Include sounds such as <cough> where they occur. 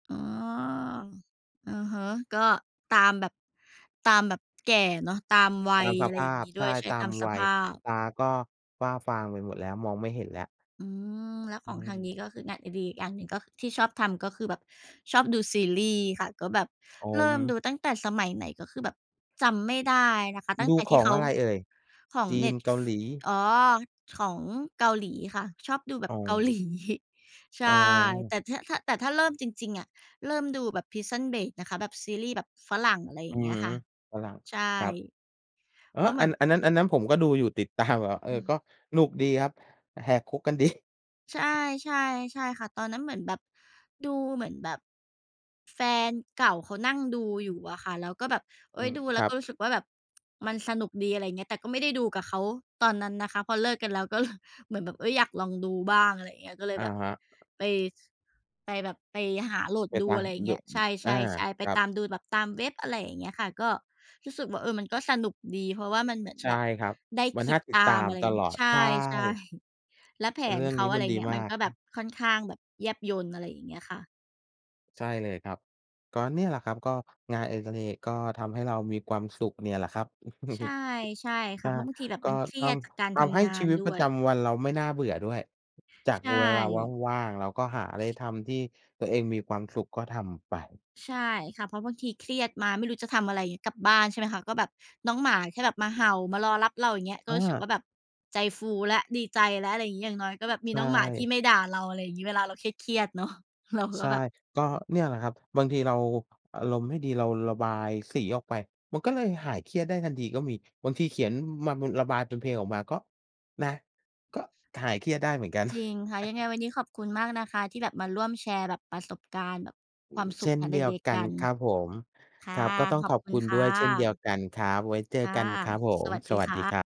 อ๋อ อือฮึ ก็ตามแบบ ตามแบบแก่เนาะตามวัตาย มสอะไรภอย่าางพ งี้ใดช้วย ่ ใช่ ตาตามมสวัภย าพ ตาก็ฝ้าฟางไปหมดแล้ว มองไม่เห็นแล้ว อืม แล้วอขืองทางนีม ้ ก็คืองานอดิเรก อย่างหนึ่งก็ ที่ชอบทำก็คือแบบชอบดูซีรีส์ค่ะ ก็แบบอ๋อ เริ่มดูตั้งแต่สมัยไหน ก็คือแบบจำไม่ได้นะคะ ตั้ดงูแต่ขที่อเงขาอะไรเอ่ย? ของจีเนน ็ต เกฟ าหลี อ๋อ ของเกาหลีค่ะ ชอบดูแบอ๋บเกา หอ ลี ใช่ อ๋แตอ ่ ถ ถ้า แต่ถ้าเริ่มจริง ๆ อะ เริ่มดูแบบ Prison Break นะคะ แบบซีรีส์แบบฝรั่ง อะไรอยอ่าื้งอเงี้ฮยือ ค่ะ ฝรั่ง ใช่ ครับ เอ๊เพราะ ะเหอมืัอน น อันนั้น อันนั้นผมก็ดูอยู่ติด ตาม เออ อกืม ็หนุกดีครับ แหกคุกกัน ดี ใช่ ใช่ ใช่ค่ะ ตอนนั้นเหมือนแบบ ดูเหมือนแบบ แฟนเก่าเขานั่งดูอยู่อะค่ะ แล้วก็แบบ เออ๊ืย ม ดูแคล้รวักบ ็รู้สึกว่าแบบมันสนุกดี อะไรอย่างเงี้ย แต่ก็ไม่ได้ดูกับเขาตอนนั้นนะคะ พอเลิกกันแล้วก็ ล เหมือนแบบ เอ๊ย อยากลองดูบ้าง อะไรอย่างเงี้ย ก็เลยอะแบบฮะ ไป ส ไปแบบ ไปหาโหลดไปดตู า อะไรอย่างด เงี้ย ใชอา ่ ๆ ๆ ไปครัตบ ามดูแบบตามเว็บ อะไรอย่างเงี้ยค่ะ ก็รู้สึกว่า เออ มันก็สนุกดี เพราะว่ามันเหมือนใชแ่บบครับ ได้มัคนนิ่าดติตดตาาม มอะไรตอย่างลงีอ้ ด ใช่ ใชใช่ ่ แล้วแผเรนื่องเขนีา ้อมะัไรนดีเงี้ย มมันาก ก็แบบค่อนข้างแบบแยบยล อะไรอย่างเงี้ยค่ะ ใช่เลยครับ ก็เนี่ยแหละครับ ก็งานอดิเรก ก็ทำให้เรามีความสุขเนี่ยแหละครับ ใช่ <chuckles> ใช่คใช่ะ ่ เพราะบางทีแบบก็มันเครทียดจากการำ ททำให้ำงาชีนวิตด้ปรวะจย ำวันเราไม่น่าเบื่อด้วย จากใชเวลา่ ว่าง ๆ เราก็หาอะไรทำที่ตัวเองมีความสุข ก็ทำไป ใช่ค่ะ เพราะบางทีเครียดมาไม่รู้จะทำอะไรเงี้ย กลับบ้านใช่ไหมคะ ก็แบบน้องหมาแค่แบบมาเห่า มารอรับเรา อย่างเงี้ย กอ็รู้สึกวา ่าแบบ ใจฟูแล้วดีใจแล้ว อะไรงี้ อย่างน้อยก็แบบมีใชน้องหมาที่่ ไม่ด่าเรา อะไรอย่างงี้ เวลาเราเครียด ๆ เนาะ เรา ใชก็่ แบบ ก็เนี่ยแหละครับ บางทีเราอารมณ์ไม่ดีเราระบายสีออกไป มันก็เลยหายเครียดได้ทันทีก็มี บางทีเขียนมาบน ระบายเป็นเพลงออกมาก็ นะ ก็หายเครียดได้เหมือนกัน จริงค่ะ ยังไงวันนี้ขอบคุณมากนะคะ ที่แบบมาร่วมแชร์ประสบการณ์แบบความสเชุข ่นงานเอดดิียเวรกกักนัน ครับผม ค่ะ ครับ ก็ต้องขอขบอบคุคณุณคด่้วยเช่นเดียวะ กันครับ ไว้เจคอ่ะ กันครับผสม วัสสดีวัสคดีะ ครับ